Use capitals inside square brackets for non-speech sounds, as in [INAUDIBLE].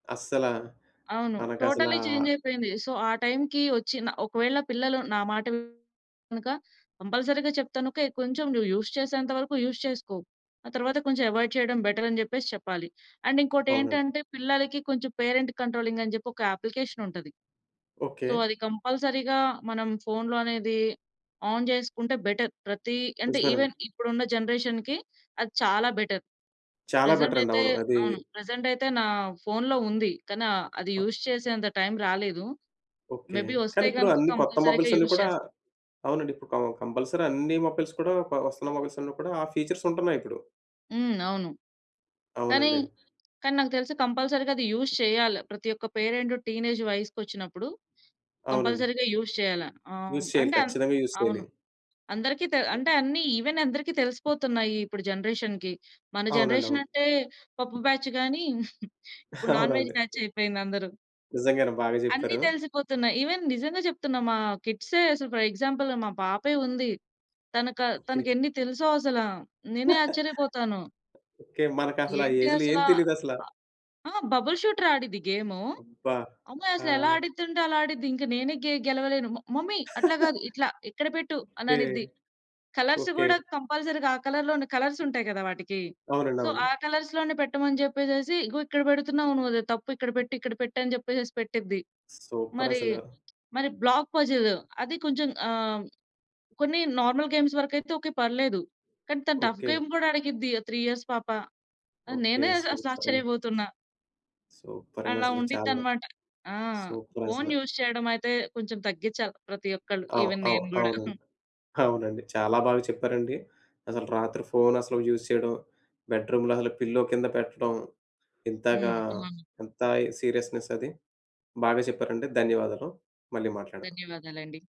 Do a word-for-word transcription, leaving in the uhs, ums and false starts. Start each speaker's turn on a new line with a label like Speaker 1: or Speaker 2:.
Speaker 1: అస్సల.
Speaker 2: అవును.
Speaker 1: మనకసలా
Speaker 2: totally చెంజైపోయింది. So ఆ టైంకి ఒచ్చి న ఒకవేళ పిల్లలు నా మాట వినక కంపల్సరీ‌గా చెప్తాను ఓకే. కొంచెం నువ్వు యూజ్ చేసేంత వరకు యూజ్ చేసుకో. ఆ తరువాత కొంచెం అవాయిడ్ చేయడం బెటర్ అని జెప్పేసి చెప్పాలి. అండ్
Speaker 1: అవునండి.
Speaker 2: ఇంకోటేంటంటే పిల్లలకి కొంచెం పేరెంట్ కంట్రోలింగ్ అని జెప్పి, ఒక అప్లికేషన్ ఉంటది.
Speaker 1: ఓకే.
Speaker 2: సో అది కంపల్సరీ‌గా మనం ఫోనులో అనేది ఆన్ జేసుకుంటే బెటర్ ప్రతి అంటే,
Speaker 1: నిజమేనండి.
Speaker 2: ఈవెన్ ఇప్పుడు ఉన్న జనరేషన్‌కి అది చాలా బెటర్.
Speaker 1: చాలా
Speaker 2: ప్రెజెంట్
Speaker 1: బెటర్ అండి.
Speaker 2: అయితే
Speaker 1: అవును. అదీ
Speaker 2: అవును. ప్రెజెంట్ అయితే నా ఫోనులో ఉంది కనా అది
Speaker 1: ఆ
Speaker 2: యూజ్ చేసేంత టైం రాలేదు.
Speaker 1: ఓకే.
Speaker 2: మేబి
Speaker 1: కానీ
Speaker 2: ఒస్తే
Speaker 1: ఇప్పుడు
Speaker 2: గనుక
Speaker 1: అన్ని కొత్త
Speaker 2: కంపల్సరీ‌గా
Speaker 1: మొబైల్స్ అన్ని
Speaker 2: యూజ్
Speaker 1: కూడా
Speaker 2: చేస్తాను.
Speaker 1: అవునండి. ఇప్పుడు క కంపల్సరీ అన్ని మొబైల్స్ కూడా కొ ఒస్తున్న మొబైల్స్ అన్ని కూడా ఆ ఫీచర్స్ ఉంటున్నాయి ఇప్పుడు.
Speaker 2: హ్మ్. అవును. కానీ,
Speaker 1: అవునండి.
Speaker 2: కానీ నాకు తెలిసి కంపల్సరీ‌గా అది యూజ్ చేయాలి. ప్రతి ఒక్క పేరెంట్ టీనేజ్ వయసుక్కొచ్చినప్పుడు
Speaker 1: అవునండి.
Speaker 2: కంపల్సరీ‌గా యూజ్ చేయాల. ఆహ్, హ్మ్,
Speaker 1: యూజ్ చేయాలి.
Speaker 2: అంటే అంద్
Speaker 1: ఖచ్చితంగా యూజ్ చేయాలి.
Speaker 2: అవును. అందరికీ తే అంటే అన్ని ఈవెన్ అందరికి తెలిసిపోతున్నాయి ఇప్పుడు జనరేషన్‌కి. మన
Speaker 1: అవునండి.
Speaker 2: జనరేషన్
Speaker 1: అవును.
Speaker 2: అంటే పప్పు బ్యాచ్ గాని [CHUCKLES] ఇప్పుడు నాన్ వెజ్
Speaker 1: అవునండి.
Speaker 2: బ్యాచ్ అయిపోయింది అందరు.
Speaker 1: నిజంగానే. బాగా
Speaker 2: అన్ని
Speaker 1: జెప్పారు.
Speaker 2: తెలిసిపోతున్నాయి. ఈవెన్ నిజంగా జెప్తున్నా మా కిడ్సే అసలు ఫర్ ఎగ్జాంపుల్ మా పాపే ఉంది. తనక
Speaker 1: ఓకే.
Speaker 2: తనకెన్ని తెలుసో అసల. నేనే ఆశ్చర్యపోతాను.
Speaker 1: [CHUCKLES] ఓకే. మనకసల ఆ
Speaker 2: ఏంటి
Speaker 1: ఏజ్‌లో
Speaker 2: అసల.
Speaker 1: ఏం తెలియదు అసల.
Speaker 2: అ ఆ! బబుల్ షూటర్ ఆడిద్ది గేము.
Speaker 1: అబ్బా!
Speaker 2: అమ్మాయి అసలు ఎలా
Speaker 1: ఆ!
Speaker 2: అడిదంటే అలా ఆడిద్ది. ఇంకా నేనే గే గెలవలేను. మ మమ్మీ అట్లా గాదు
Speaker 1: [CHUCKLES]
Speaker 2: ఇట్లా ఇక్కడ పెట్టు అని
Speaker 1: ఓకే.
Speaker 2: అనిద్ది. Colours
Speaker 1: okay.
Speaker 2: గూడా కంపల్సరీగా ఆ కలర్‌లోనే కలర్స్ ఉంటాయి గదా! వాటికి.
Speaker 1: అవునండి.
Speaker 2: సో, ఆ
Speaker 1: అవును.
Speaker 2: కలర్స్‌లోనే పెట్టమని జెప్పేసేసి "ఇగో ఇక్కడ బెడుతున్నావు నువ్వది తప్పు ఇక్కడ పెట్టు ఇక్కడ పెట్టు" అని జెప్పేసేసి పెట్టిది.
Speaker 1: సూపర్
Speaker 2: మరి
Speaker 1: అసలు.
Speaker 2: మరి బ్లాక్ పజిల్ అది కొంచెం. ఆహ్, కొన్ని నార్మల్ గేమ్స్ వరకైతే ఓకే పర్లేదు. కానీ తను టఫ్
Speaker 1: ఓకే.
Speaker 2: గేమ్ గూడా అడిగిద్ది. ఆ త్రీ ఇయర్స్ పాప. ఆహ్,
Speaker 1: ఓకే.
Speaker 2: నేనే అసలు
Speaker 1: సూపరండి.
Speaker 2: ఆశ్చర్యబోతున్నా.
Speaker 1: సూపరండి
Speaker 2: అలా
Speaker 1: అసలు. చాలా
Speaker 2: ఉండిద్దన్నమాట. ఆ!
Speaker 1: సూపర్ అసల.
Speaker 2: ఫోను యూజ్ చేయడం అయితే కొంచెం తగ్గించాలి. ప్రతి ఒక్కళ్ళు
Speaker 1: అవు
Speaker 2: ఈవెన్
Speaker 1: అవు
Speaker 2: నేను గూడా. [CHUCKLES]
Speaker 1: అవునండి. అవునండి. చాలా బాగా చెప్పారండి. అసలు రాత్రి ఫోను అసలు యూజ్ చేయడం బెడ్రూమ్‌లో అసలు పిల్లో కింద పెట్టడం ఇంతగా
Speaker 2: హ్మ్. అవును.
Speaker 1: ఎంత సీరియస్నెస్ అది! బాగా చెప్పారండి ధన్యవాదాలు. మళ్ళీ మాట్లాడదాం.
Speaker 2: ధన్యవాదాలండి.